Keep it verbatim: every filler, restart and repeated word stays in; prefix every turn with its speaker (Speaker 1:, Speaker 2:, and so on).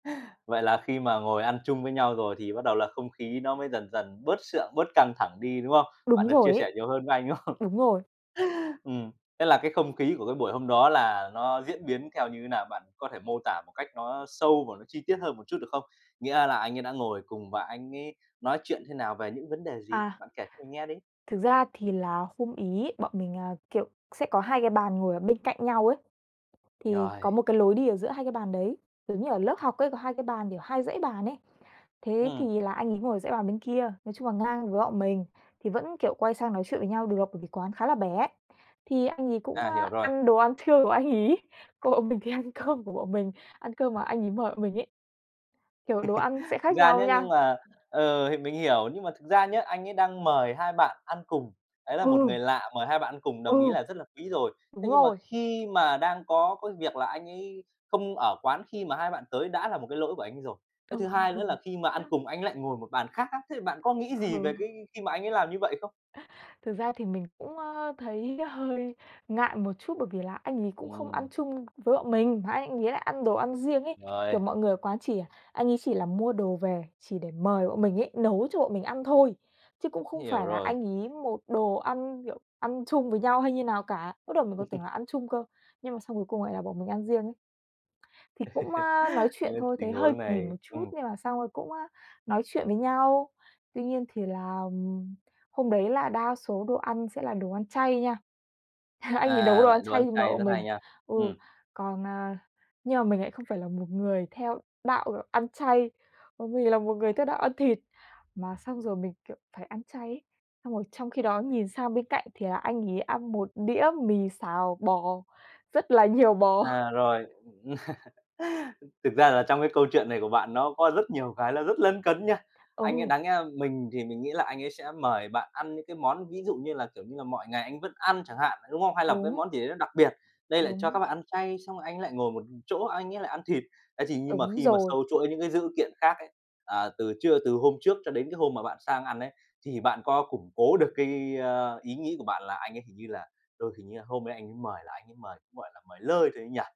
Speaker 1: Vậy là khi mà ngồi ăn chung với nhau rồi thì bắt đầu là không khí nó mới dần dần bớt sượng, bớt căng thẳng đi, đúng không? Bạn
Speaker 2: Đúng
Speaker 1: được
Speaker 2: rồi
Speaker 1: chia
Speaker 2: ấy.
Speaker 1: sẻ nhiều hơn với anh, đúng không?
Speaker 2: Đúng rồi.
Speaker 1: Ừm. Thế là cái không khí của cái buổi hôm đó là nó diễn biến theo như thế nào? Bạn có thể mô tả một cách nó sâu và nó chi tiết hơn một chút được không? Nghĩa là anh ấy đã ngồi cùng và anh ấy nói chuyện thế nào, về những vấn đề gì?
Speaker 2: À.
Speaker 1: Bạn kể cho mình nghe đi.
Speaker 2: Thực ra thì là hôm ấy bọn mình, à, kiểu, sẽ có hai cái bàn ngồi ở bên cạnh nhau ấy, thì có
Speaker 1: Rồi.
Speaker 2: một cái lối đi ở giữa hai cái bàn đấy, giống như ở lớp học ấy có hai cái bàn kiểu hai dãy bàn ấy. Thế
Speaker 1: Ừm.
Speaker 2: thì là anh ấy ngồi ở dãy bàn bên kia, nói chung là ngang với bọn mình, thì vẫn, kiểu, quay sang nói chuyện với nhau được bởi vì quán khá là bé. Thì anh ấy cũng,
Speaker 1: À,
Speaker 2: ơ,
Speaker 1: hiểu rồi.
Speaker 2: ăn đồ ăn trưa của anh ấy, còn bọn mình thì ăn cơm của bọn mình, ăn cơm mà anh ấy mời bọn mình ấy. Kiểu đồ ăn sẽ
Speaker 1: Thực
Speaker 2: khác
Speaker 1: ra
Speaker 2: nhau
Speaker 1: nhá, nhưng
Speaker 2: nha.
Speaker 1: mà, ờ, thì mình hiểu, nhưng mà thực ra nhá, anh ấy đang mời hai bạn ăn cùng, đấy là một
Speaker 2: Ừ.
Speaker 1: người lạ mời hai bạn ăn cùng, đồng ý
Speaker 2: Ừ.
Speaker 1: là rất là quý rồi.
Speaker 2: Đúng
Speaker 1: Thế nhưng mà
Speaker 2: rồi.
Speaker 1: khi mà đang có cái việc là anh ấy không ở quán khi mà hai bạn tới, đã là một cái lỗi của anh ấy rồi. Cái thứ hai nữa là
Speaker 2: Ừ.
Speaker 1: khi mà ăn cùng anh ấy lại ngồi một bàn khác á, thế thì bạn có nghĩ gì về
Speaker 2: Ừ.
Speaker 1: cái khi mà anh ấy làm như vậy không?
Speaker 2: Thực ra thì mình cũng, ơ, thấy hơi ngại một chút, bởi vì là anh ấy cũng không ăn
Speaker 1: Ừm.
Speaker 2: chung với bọn mình, mà anh anh ấy lại ăn đồ ăn riêng ấy,
Speaker 1: Rồi.
Speaker 2: kiểu, mọi người ở quán chỉ, à, anh ấy chỉ là mua đồ về chỉ để mời bọn mình ấy, nấu cho bọn mình ăn thôi, chứ cũng không
Speaker 1: Hiểu
Speaker 2: phải là
Speaker 1: rồi.
Speaker 2: anh ấy một đồ ăn, kiểu, ăn chung với nhau hay như nào cả. Bắt đầu mình còn tưởng là ăn chung cơ, nhưng mà xong cuối cùng lại là bọn mình ăn riêng ấy. Thì cũng, ơ, nói chuyện
Speaker 1: Nên
Speaker 2: thôi, thấy
Speaker 1: tình
Speaker 2: hơi
Speaker 1: huống
Speaker 2: kì
Speaker 1: này
Speaker 2: một chút
Speaker 1: ừm.
Speaker 2: nhưng mà xong rồi cũng, ơ, nói chuyện với nhau. Tuy nhiên thì là, ừm, hôm đấy là đa số đồ ăn sẽ là đồ ăn chay nha. Anh ấy nấu
Speaker 1: À,
Speaker 2: đồ ăn
Speaker 1: lại đồ
Speaker 2: chay
Speaker 1: ăn
Speaker 2: để mời
Speaker 1: chay, rất
Speaker 2: bọn
Speaker 1: hay
Speaker 2: mình,
Speaker 1: nha.
Speaker 2: ừ,
Speaker 1: Ừm.
Speaker 2: còn, à nhưng mà mình lại không phải là một người theo đạo ăn chay, bởi vì là một người theo đạo ăn thịt. Mà xong rồi mình, kiểu, phải ăn chay ấy, xong rồi trong khi đó nhìn sang bên cạnh thì là anh ấy ăn một đĩa mì xào bò rất là nhiều bò.
Speaker 1: À, rồi. Thực ra là trong cái câu chuyện này của bạn nó có rất nhiều cái là rất lấn cấn nha. Anh ấy
Speaker 2: Ừ.
Speaker 1: đáng nhẽ là mình thì mình nghĩ là anh ấy sẽ mời bạn ăn những cái món ví dụ như là, kiểu như là, mọi ngày anh vẫn ăn chẳng hạn, đúng không? Hay là một cái
Speaker 2: Đúng.
Speaker 1: món gì đấy nó đặc biệt. Đây lại cho các
Speaker 2: Đúng.
Speaker 1: bạn ăn chay, xong rồi anh ấy lại ngồi một chỗ anh ấy lại ăn thịt. Thế thì nhưng mà
Speaker 2: Đúng
Speaker 1: khi mà
Speaker 2: rồi.
Speaker 1: xâu chuỗi những cái dữ kiện khác ấy, à, từ trưa từ hôm trước cho đến cái hôm mà bạn sang ăn ấy, thì bạn có củng cố được cái, ơ, ý nghĩ của bạn là anh ấy hình như là đôi hình như là hôm đấy anh ấy mời là anh ấy mời cũng, gọi là, mời lơi thôi ấy nhỉ?